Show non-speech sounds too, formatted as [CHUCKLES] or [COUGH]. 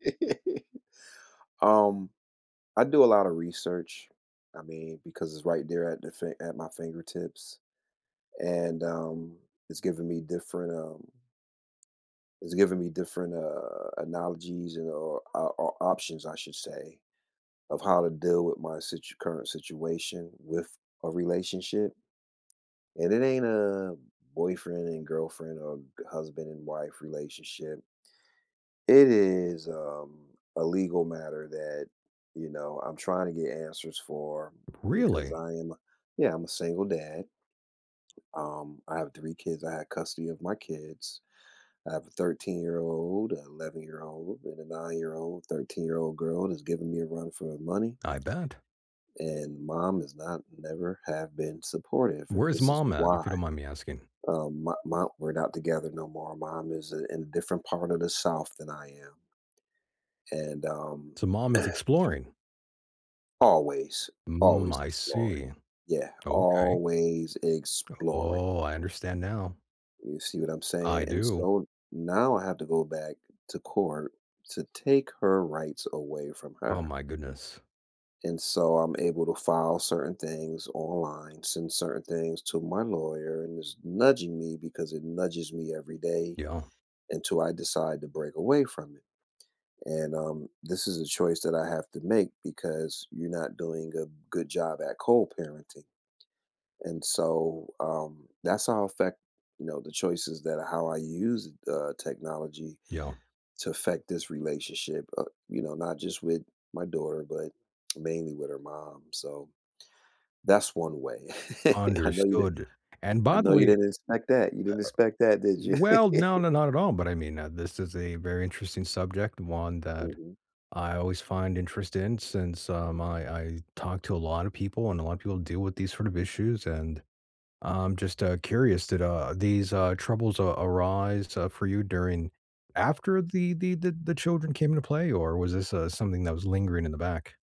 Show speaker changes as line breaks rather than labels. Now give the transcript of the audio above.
[CHUCKLES] Um, I do a lot of research, I mean, because it's right there at the fi at my fingertips, and, um it's given me different, um it's given me different, uh, analogies an or, uh, or options, I should say, of how to deal with my situ current situation with a relationship and it ain't a boyfriend and girlfriend or g husband and wife relationship. It is, um, a legal matter that, you know, I'm trying to get answers for because
Really?
I am a yeah, I'm a single dad. Um, I have 3 kids. I have custody of my kids. I have a thirteen-year-old, an eleven-year-old, and a nine-year-old, thirteen-year-old girl is giving me a run for her money
I bet.
and mom has not never have been supportive. And
Where's
this is
mom at? If
why.
you don't mind me asking.
Um, my my we're not together no more. Mom is i in a different part of the South than I am. And, um
So mom is
[COUGHS]
exploring.
Always,
Mm.
always
I
exploring.
see.
Yeah.
Okay.
Always
U
exploring.
Oh, I understand now.
You see what I'm
I
saying? And
do.
so now I have to go back to court to take her rights away from
Oh
her.
my goodness.
And so I'm able to file certain things online, send certain things to my lawyer and it's nudging me because it nudges me every day
Yeah.
until I decide to break away from it. And, um, this is a choice that I have to make because you're not doing a good job at co-parenting. And so, um, that's how affect you know, the choices that how I use th uh, technology
Yeah.
to affect this relationship, uh, you know, not just with my daughter, but mainly with her mom. So, that's one way. [CHUCKLES] I know you did
Understood. And
I
by the
know
way,
you
eh, uh
didn't expect that. You didn't expect that, did you?
Well, no, no,
[CHUCKLES]
not at all. But I mean, uh, this is a very interesting subject. One that
Mhm.
I always find interest in since, um, I I talk to a lot of people and a lot of people deal with these sort of issues and I'm just, uh, curious, did, uh, these, uh, troubles, uh, arise, uh, for you during after the the the the children came into play or was this, uh, something that was lingering in the back?